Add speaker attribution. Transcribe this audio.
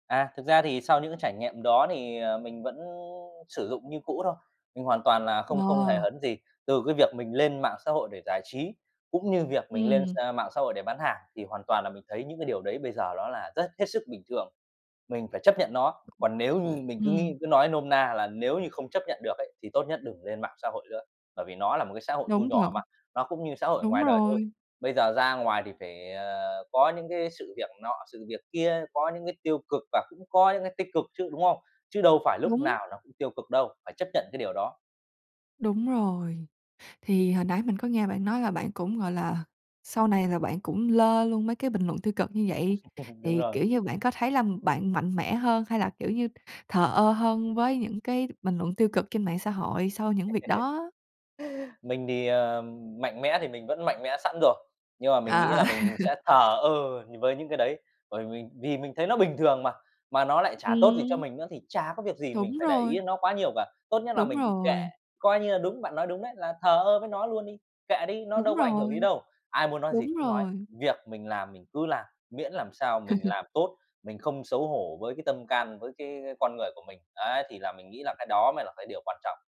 Speaker 1: À, thực ra thì sau những cái trải nghiệm đó thì, ờ, mình vẫn sử dụng như cũ thôi. Mình hoàn toàn là không không hề
Speaker 2: Ờ.
Speaker 1: hấn gì từ cái việc mình lên mạng xã hội để giải trí, cũng như việc mình lên x
Speaker 2: Ừm.
Speaker 1: mạng xã hội để bán hàng, thì hoàn toàn là mình thấy những cái điều đấy bây giờ ló là rất hết sức bình thường, mình phải chấp nhận nó. Còn nếu như mình cứ nghĩ,
Speaker 2: Ừm.
Speaker 1: cứ nói nôm na là nếu như không chấp nhận được ấy, thì tốt nhất đừng lên mạng xã hội nữa, bởi vì nó là một cái xã hội thu
Speaker 2: Đúng thật.
Speaker 1: nhỏ mà, nó cũng như xã hội ở
Speaker 2: Đúng
Speaker 1: ngoài đời thôi.
Speaker 2: rồi.
Speaker 1: Bây giờ ra ngoài thì phải, ờ, có những cái sự việc nọ, sự việc kia, có những cái tiêu cực và cũng có những cái tích cực chứ, đúng không? Chứ đâu phải lúc
Speaker 2: Đúng.
Speaker 1: nào nó cũng tiêu cực đâu, phải chấp nhận cái điều đó.
Speaker 2: Đúng rồi. Thì hồi nãy mình có nghe bạn nói là bạn cũng, gọi là sau này là bạn cũng lơ luôn mấy cái bình luận tiêu cực như vậy,
Speaker 1: Đúng
Speaker 2: thì,
Speaker 1: rồi.
Speaker 2: kiểu như, bạn có thấy là bạn mạnh mẽ hơn hay là, kiểu như, thờ ơ hơn với những cái t bình luận tiêu cực trên mạng xã hội sau những việc đó?
Speaker 1: Mình thì, ờ, mạnh mẽ thì mình vẫn mạnh mẽ sẵn rồi, nhưng mà mình
Speaker 2: Ờ,
Speaker 1: nghĩ
Speaker 2: ờ.
Speaker 1: là mình sẽ thờ ơ nh với những cái đấy. Bởi mình vì mình thấy nó bình thường mà, mà nó lại chả tốt gì cho
Speaker 2: Ừm.
Speaker 1: mình nữa thì chả có việc gì mình
Speaker 2: Đúng
Speaker 1: phải để ý
Speaker 2: rồi.
Speaker 1: đến nó quá nhiều cả. Tốt nhất là
Speaker 2: Đúng
Speaker 1: mình cứ kệ,
Speaker 2: rồi.
Speaker 1: coi như là đúng, bạn nói đúng đấy, là thờ ơ với nó luôn đi, kệ đi, nó
Speaker 2: Đúng
Speaker 1: đâu có ảnh hưởng gì
Speaker 2: rồi.
Speaker 1: đâu. Ai muốn nói gì
Speaker 2: Đúng
Speaker 1: cứ nói,
Speaker 2: rồi.
Speaker 1: việc mình làm mình cứ làm, miễn làm sao mình làm tốt, mình không xấu hổ với cái tâm can, với cái con người của mình. Đấy, thì là mình nghĩ là cái đó mới là cái điều quan trọng.